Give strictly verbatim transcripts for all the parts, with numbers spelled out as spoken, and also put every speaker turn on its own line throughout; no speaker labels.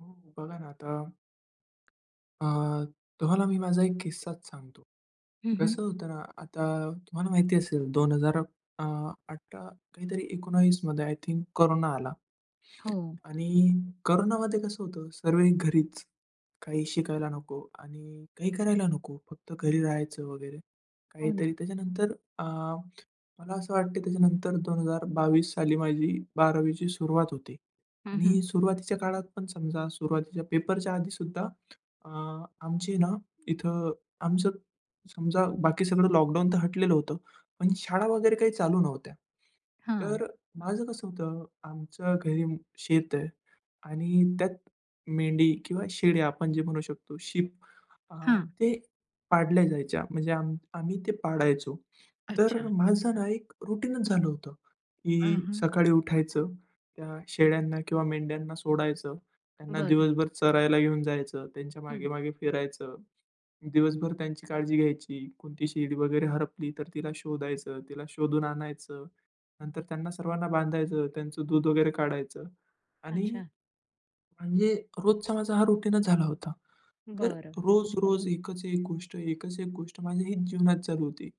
हो, बघा ना आता अ, तुम्हाला मी माझा एक किस्साच सांगतो.
हं, हं.
कसं होतं ना, आता तुम्हाला माहिती असेल, दोन हजार अ, अठरा काहीतरी एकोणीसमध्ये आय थिंक कोरोना आला
हो.
आणि कोरोनामध्ये कसं होतं, सर्वही घरीच. काही शिकायला नको आणि काही करायला नको. फक्त घरी राहायचं वगैरे
हो
काहीतरी.
ना.
त्याच्यानंतर अ, मला असं वाटतं की त्याच्यानंतर दोन हजार बावीस साली माझी बारावीची सुरुवात होती
हं, हं.
आणि सुरुवातीच्या काळात पण, समजा सुरुवातीच्या पेपरच्या आधी सुद्धा अ, आमची ना इथं, आमचं समजा बाकी सगळं लॉकडाऊन तर हटलेलं होतं, पण शाळा वगैरे काही चालू नव्हत्या.
हां.
तर माझं कसं होतं? आमचं घरी अं, शेत आहे आणि त्यात मेंढी किंवा शेळ्या, आपण जे म्हणू शकतो शीप, अ,
हां.
ते पाळल्या जायच्या, म्हणजे आम आम्ही ते पाळायचो. तर
अच्छा.
माझं ना एक रुटीनच झालं होतं
अ,
की
हं.
सकाळी उठायचं, अ, त्या शेळ्यांना किंवा मेंढ्यांना सोडायचं, त्यांना
बरं.
दिवसभर चरायला घेऊन जायचं, त्यांच्या
हं.
मागे-मागे फिरायचं, दिवसभर त्यांची काळजी घ्यायची. कोणती शेळी वगैरे हरवली तर तिला शोधायचं, तिला शोधून आणायचं. नंतर त्यांना सर्वांना बांधायचं. त्यांचं दूध वगैरे काढायचं आणि
अच्छा.
म्हणजे रोजचा माझा हा रुटीनच झाला होता. तर
बरं.
रोज-रोज एकच एक गोष्ट, एकच एक गोष्ट माझ्या हीच जीवनात चालू होती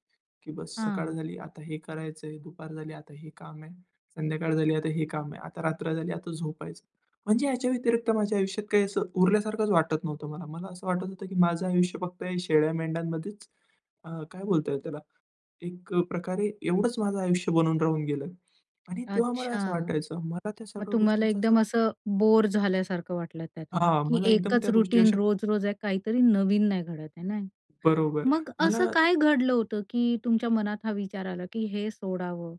की बस सकाळ
हां.
झाली, आता हे करायचंय. दुपार झाली, आता हे काम आहे. संध्याकाळ झाली, आता हे काम आहे. आता रात्र झाली, आता झोपायचं. म्हणजे याच्या व्यतिरिक्त माझ्या आयुष्यात काही असं उरल्यासारखंच वाटत नव्हतं मला. मला असं वाटत होतं की, माझं आयुष्य फक्त शेळ्या-मेंढ्यांमध्येच, अ, काय बोलताय त्याला, एकप्रकारे एवढंच माझं आयुष्य बनून राहून गेलं आणि तेव्हा मला असं
अच्छा.
वाटायचं, मला त्या
मग
सर्व
तुम्हाला
गोष्टींचा असा
एकदम असं बोअर झाल्यासारखं वाटलं त्यातून,
हां,
की
मला एकदम
एकच
त्या गोष्टी
रुटीन
अशा
रोज-रोज आहे काहीतरी नवीन नाही घडत आहे ना.
बरोबर.
मग असं
मला
काय घडलं होतं, की तुमच्या मनात हा विचार आला, की हे सोडावं?